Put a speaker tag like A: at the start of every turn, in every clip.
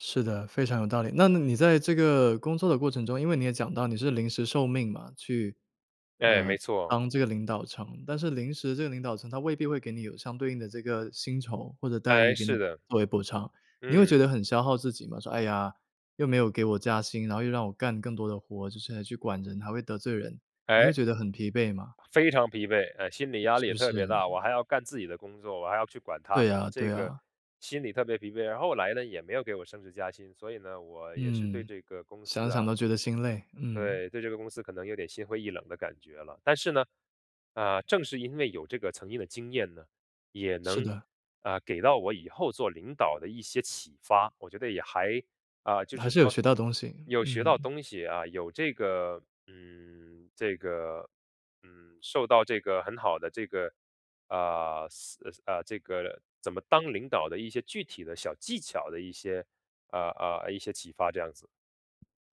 A: 是的，非常有道理。那那你在这个工作的过程中因为你也讲到你是临时受命嘛，去
B: 对，
A: 呃，
B: 没错。
A: 当这个领导层。但是临时这个领导层它未必会给你有相对应的这个薪酬或者待
B: 诶，
A: 遇，给
B: 是
A: 你
B: 的。
A: 作为补偿，你会
B: 嗯。
A: 觉得很消耗自己吗？说：“哎呀，又没有给我加薪，然后又让我干更多的活，就是还要去管人，还会得罪人。”你会
B: 诶。
A: 觉得很疲惫吗？
B: 非常疲惫，嗯，心理压
A: 是
B: 力也
A: 不
B: 特
A: 是？
B: 别大，
A: 嗯。
B: 我还要干自己的工作，我还要去管他
A: 对
B: 们，
A: 啊，
B: 这
A: 对
B: 个
A: 啊。
B: 心理特别疲惫。然后后来呢，也没有给我升职加薪，所以呢，我也是对
A: 嗯，
B: 这个公
A: 想
B: 司
A: 想
B: 啊
A: 都觉得心累，嗯。
B: 对，对这个公司可能有点心灰意冷的感觉了。但是呢，啊，正是因为有这个曾经的经验呢，也
A: 是
B: 能，
A: 的。
B: 啊，给到我以后做领导的一些启发。我觉得也还啊，就
A: 还
B: 是
A: 是有
B: 说，
A: 学到东西，
B: 有学到
A: 嗯。
B: 东西啊。有这个嗯，这个嗯，受到这个很好的这个呃，思呃呃，这个怎么当领导的一些具体的小技巧的一些呃呃，一些启发这样子。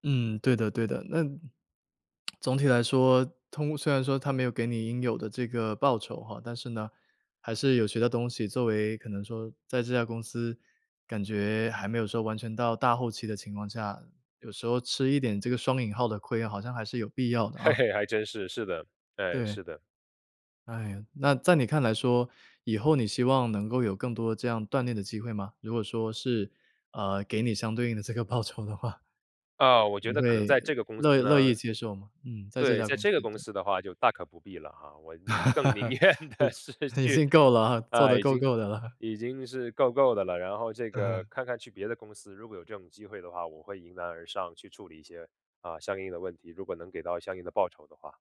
A: 嗯，对的对的。那嗯，总体来说，通虽然说它没有给你应有的这个报酬吼，但是呢还是有学到东西，作为可能说在这家公司感觉还没有说完全到大后期的情况下，有时候吃一点这个双引号的亏，好像还是有必要的
B: 嘿
A: 啊。
B: 嘿，还真是，是的，对，
A: 对。
B: 是的。
A: 哎哟，那在你看来说，以后你希望能够有更多这样锻炼的机会吗？如果说是，呃，给你相对应的这个报酬的话。
B: 呃，我觉
A: 你
B: 得可能
A: 会
B: 在这个公司
A: 乐乐
B: 呢
A: 意接受吗？嗯，在这
B: 对，
A: 家
B: 在
A: 公司，
B: 这个公
A: 对。
B: 司的话就大可不必了哈，我宁更宁 愿的是
A: 嗯，已
B: 去
A: 经够了啊，做得
B: 呃，已
A: 够
B: 经
A: 够的了。
B: 已经是够够的了。然后这
A: 嗯
B: 个
A: 哼。
B: 看看去别的公司，如果有这种机会的话我会迎难而上，去处理一些，呃，相应的问题，如果能给到相应的报酬的话。